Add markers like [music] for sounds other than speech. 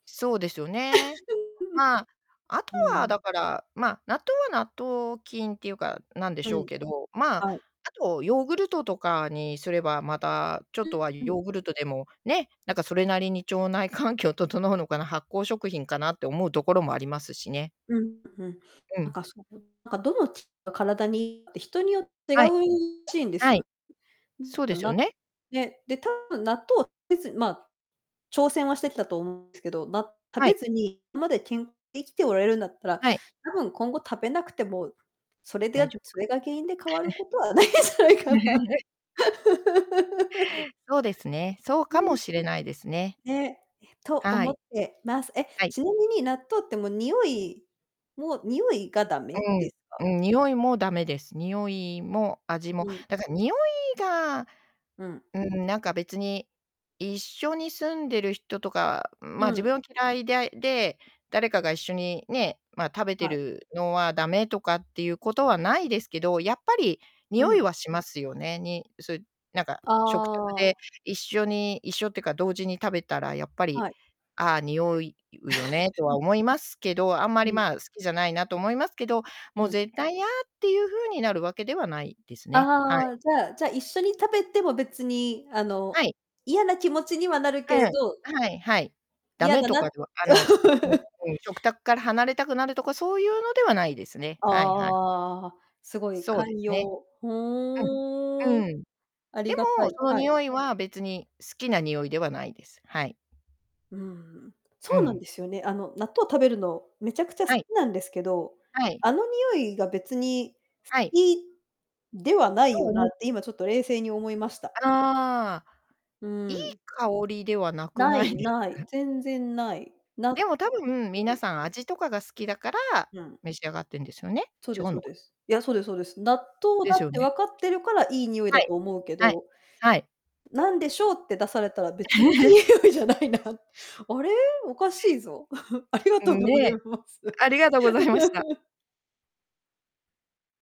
そうですよね。まあ、あ [laughs] とううは、だん。から、ま、納豆は納豆菌っていうか、なんでうしょうん。けど、まあ、はい。あとヨーグルトとかにすれば、またちょうっとはん、うん。ヨーグルトでも、ね、なんかそれなりに腸内環境整うのかな、発酵食品かなって思うところもありますしね。うん、うん。うなんん。かその、なんかどの血が体にいいって人によっ違はい。うしいんですはよ。い。うん、そうあでな、すよね。で、で多分納豆たべず、ま、挑戦はしてきたと思うんですけど、な、食はべい。ずに、まで健、生きておられるんだったら、はい。多分今後食べなくても、それで、大や丈夫そかれが原因で変わな？るこ [chuckles] とはないんじゃないかな。[laughs] [laughs] そうですね。そううかもん。しれないですね。ね、とは思っい。てます。え、はい。ちなみに納豆ってもうにおいもうにおいがだめうですか？ん。うん、においも駄目です。においも味うも。ん。だからにおいが、うん。うん、なんか別に一緒に住んでる人とか、ま、う自ん。分を嫌いだいで、誰かが一緒にね、ま、食べてはう。るのは駄目とかっていうことはないですけど、やっぱりにうおいん。はしますよね。にそう、なんかあ食卓であ。一緒に一緒ってか同時に食べたら、やっぱり、はい。あ、においうよねとは [laughs] 思いますけど、あんまうり、ん。ま、好きじゃないなと思いますけど、もううん。絶対いやっていう風になるわけではないですね。はあい。あ、じゃあ、じゃ、一緒に食べても別に、あの、はい。嫌な気持ちにはなるうん、けれど。はい、はい。駄嫌目だとなかではあの、うん、[laughs] うん。食卓から離れたくなるとかそういうのではないですね。はいはい。ああ、すごいそうで寛すね。容。ふうん。ーうん。んうん。ありでがたも、い、そのはい。においは、別に好きなにおいではないです。はい。うん、そううなんん。ですよね。あの、納豆食べるの、めちゃくちゃ好はい。きなんですけど、はい。あの、においが別に好はい。きではなといよな思って、今ちょっと冷静に思いました。ああ。ういいん。香りではなくなない。いですない。か？全然ない。なうでも多分、皆ん。さん味とかが好きだからうん。召し上がってんですよね？そう違ですうそうのか。です。いや、そうですそうです。納豆でだしっょうてね。分かってるからいいにおいはだい。と思うけはい。ど、はい。なんでしょうって出されたら、別にいいに [laughs] おいじゃないな。あれ、おかしいぞ。[chuckles] ありがうとうん、ごね。ざいます。ありがとうございました。[laughs]